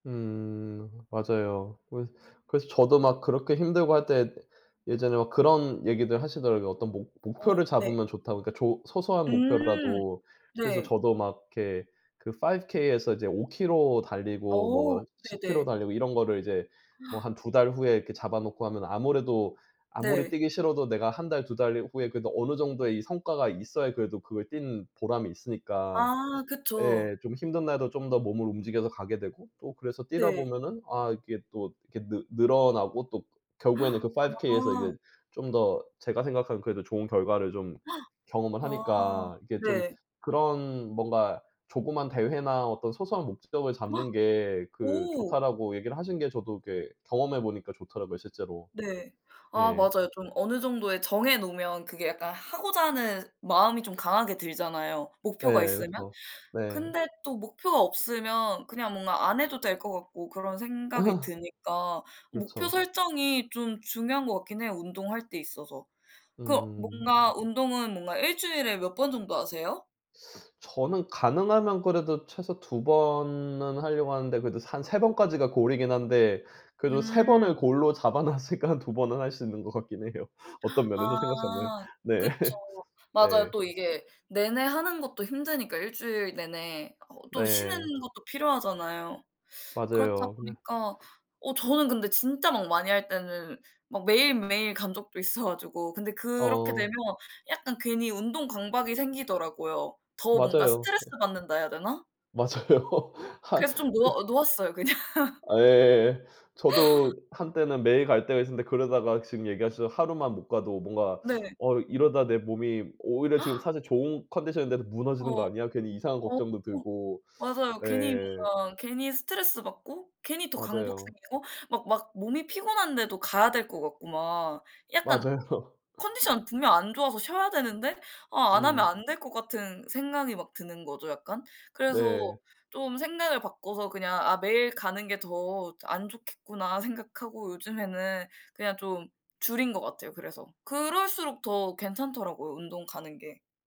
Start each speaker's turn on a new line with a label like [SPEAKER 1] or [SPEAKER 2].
[SPEAKER 1] 음 맞아요. 그 그래서 저도 막 그렇게 힘들고 할 때 예전에 막 그런 얘기들 하시더라고요, 어떤 목
[SPEAKER 2] 어
[SPEAKER 1] 목표를
[SPEAKER 2] 네.
[SPEAKER 1] 잡으면 좋다고 그 조 소소한
[SPEAKER 2] 음.
[SPEAKER 1] 목표라도. 그래서
[SPEAKER 2] 네.
[SPEAKER 1] 저도 막 이렇게 그 5 K에서 이제 5 킬로 달리고
[SPEAKER 2] 어
[SPEAKER 1] 뭐 10 킬로
[SPEAKER 2] 네네.
[SPEAKER 1] 달리고 이런 거를 이제 뭐 한 2 달 후에 이렇게 잡아 놓고 하면 아무래도 아무리
[SPEAKER 2] 네.
[SPEAKER 1] 뛰기 싫어도 내가 1 달 2 달 후에 그래도 어느 정도의 이 성과가 있어야 그래도 그걸 뛰는 보람이 있으니까
[SPEAKER 2] 아 그쵸.
[SPEAKER 1] 예 좀 힘든 날에도 좀 더 몸을 움직여서 가게 되고 또 그래서 뛰다
[SPEAKER 2] 네.
[SPEAKER 1] 보면은 아 이게 또 이렇게 느 늘어나고 또 결국에는 그 5 K에서
[SPEAKER 2] 아.
[SPEAKER 1] 이게 좀 더 제가 생각하는 그래도 좋은 결과를 좀 경험을
[SPEAKER 2] 아
[SPEAKER 1] 하니까 이게 좀
[SPEAKER 2] 네.
[SPEAKER 1] 그런 뭔가 "조그만 대회나 어떤 소소한 목적을 잡는 게 그
[SPEAKER 2] 오.
[SPEAKER 1] 좋다."라고 얘기를 하신 게 저도 이렇게 경험해 보니까 좋더라고요 실제로.
[SPEAKER 2] 네. 아
[SPEAKER 1] 예.
[SPEAKER 2] 맞아요. 좀 어느 정도의 정해 놓으면 그게 약간 하고자 하는 마음이 좀 강하게 들잖아요
[SPEAKER 1] 예.
[SPEAKER 2] 목표가 있으면.
[SPEAKER 1] 그렇죠. 네.
[SPEAKER 2] 근데 또 목표가 없으면 그냥 뭔가 안 해도 될 것 같고 그런 생각이 드니까 목표
[SPEAKER 1] 그렇죠.
[SPEAKER 2] 설정이 좀 중요한 것 같긴 해요 운동할 때 있어서. 그
[SPEAKER 1] 음.
[SPEAKER 2] 뭔가 운동은 뭔가 1 주일에 몇 번 정도 하세요?
[SPEAKER 1] 저는 가능하면 그래도 최소 2 번은 하려고 하는데 그래도 한 3 번까지가 goal 이긴 한데 그래도 3 번을
[SPEAKER 2] 음.
[SPEAKER 1] goal로 잡아 놨으니까 한 2 번은 할 수 있는 것 같긴 해요 어떤 면에서 생각하면.
[SPEAKER 2] 아
[SPEAKER 1] 네.
[SPEAKER 2] 그쵸. 맞아요.
[SPEAKER 1] 네.
[SPEAKER 2] 또 이게 내내 하는 것도 힘드니까 1 주일 내내 어 또 쉬는
[SPEAKER 1] 네.
[SPEAKER 2] 것도 필요하잖아요. 그렇다
[SPEAKER 1] 맞아요. 근데
[SPEAKER 2] 보니까 어 저는 근데 진짜 막 많이 할 때는 막 매일매일 간 적도 있어 가지고 근데 그렇게
[SPEAKER 1] 어.
[SPEAKER 2] 되면 약간 괜히 운동 강박이 생기더라고요. 더 뭔가
[SPEAKER 1] 맞아요.
[SPEAKER 2] 스트레스
[SPEAKER 1] 예.
[SPEAKER 2] 받는다 해야 되나?
[SPEAKER 1] 맞아요. 한
[SPEAKER 2] 그래서 좀
[SPEAKER 1] 그
[SPEAKER 2] 놓아 놓았어요 그냥.
[SPEAKER 1] 예. 저도 한때는 매일 갈 때가 있었는데 그러다가 지금 얘기하셔서 하루만 못 가도 뭔가
[SPEAKER 2] 네.
[SPEAKER 1] '어 이러다 내 몸이 오히려 지금 사실 좋은 컨디션인데도 무너지는 거
[SPEAKER 2] 어
[SPEAKER 1] 아니야?' 괜히 이상한
[SPEAKER 2] 어
[SPEAKER 1] 걱정도
[SPEAKER 2] 어.
[SPEAKER 1] 들고
[SPEAKER 2] 맞아요. 괜히
[SPEAKER 1] 예.
[SPEAKER 2] 뭔가 괜히 스트레스받고 괜히 더 강박
[SPEAKER 1] 맞아요.
[SPEAKER 2] 생기고 막 막 몸이 피곤한데도 가야 될 것 같고 막. 약간
[SPEAKER 1] 맞아요.
[SPEAKER 2] 컨디션 분명 안 좋아서 쉬어야 되는데 아 안 하면
[SPEAKER 1] 음.
[SPEAKER 2] 안 될 것 같은 생각이 막 드는 거죠 약간. 그래서
[SPEAKER 1] 네.
[SPEAKER 2] 좀 생각을 바꿔서 그냥 '아 매일 가는 게 더 안 좋겠구나.' 생각하고 요즘에는 그냥 좀 줄인 것 같아요 그래서. 그럴수록 더 괜찮더라고요 운동 가는 게.